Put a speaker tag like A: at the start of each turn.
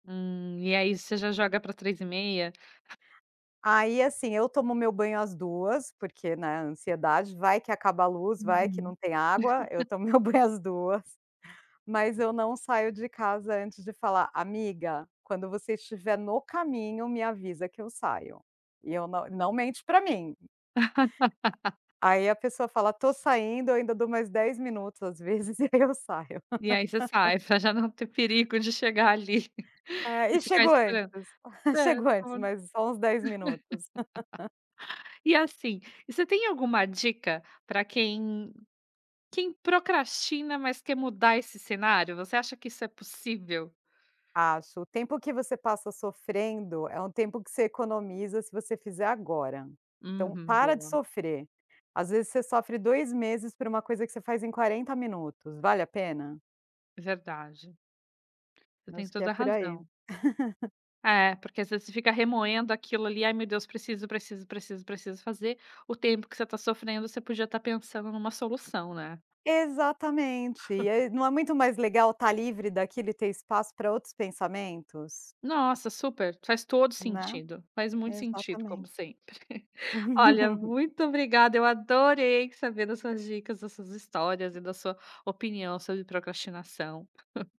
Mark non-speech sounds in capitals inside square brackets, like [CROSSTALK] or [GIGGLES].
A: Hum, e aí, você já joga pra 15:30?
B: Aí, assim: Eu tomo meu banho às 14h, porque, né, a ansiedade. Vai que acaba a luz, vai que não
A: Uhum.
B: tem água. Eu
A: [LAUGHS]
B: tomo meu banho às 14h, mas eu não saio de casa antes de falar: "Amiga, quando você estiver no caminho, me avisa que eu saio". E eu não não mente para mim!
A: [LAUGHS]
B: Aí, a pessoa fala: "Tô saindo". Ainda dou mais 10 minutos, às vezes, e aí eu saio.
A: E aí você sai, para
B: [LAUGHS]
A: já não ter perigo de chegar ali
B: É,
A: e
B: e
A: ficar
B: chego antes,
A: esperando. Espera,
B: chego antes.
A: então.
B: Mas só uns 10 minutos. [LAUGHS]
A: [LAUGHS] E assim, você tem alguma dica para quem quem procrastina, mas quer mudar esse cenário? Você acha que isso é possível?
B: Acho. O tempo que você passa sofrendo é um tempo que você economiza, se você fizer agora. Então,
A: Uhum,
B: para de
A: boa!
B: sofrer! Às vezes você sofre 2 meses por uma coisa que você faz em 40 minutos. Vale a pena?
A: Verdade. Você
B: Eu
A: tem
B: acho que é
A: toda a
B: por aí.
A: razão.
B: [GIGGLES]
A: É, porque às vezes, você fica remoendo aquilo ali. "Ai, meu Deus! Preciso, preciso, preciso, preciso fazer". O tempo que você tá sofrendo, você podia estar pensando em uma solução, né?
B: Exatamente, e
A: [CHUCKLES]
B: aí Não é muito mais legal estar livre daquilo e ter espaço para outros pensamentos?
A: Nossa, super! Faz todo
B: Né?
A: sentido, faz muito sentido como
B: Exatamente.
A: sempre. [CHUCKLES] Olha,
B: [LAUGHS]
A: muito obrigada, eu adorei saber das suas dicas, das suas histórias e da sua opinião sobre procrastinação. [CHUCKLES]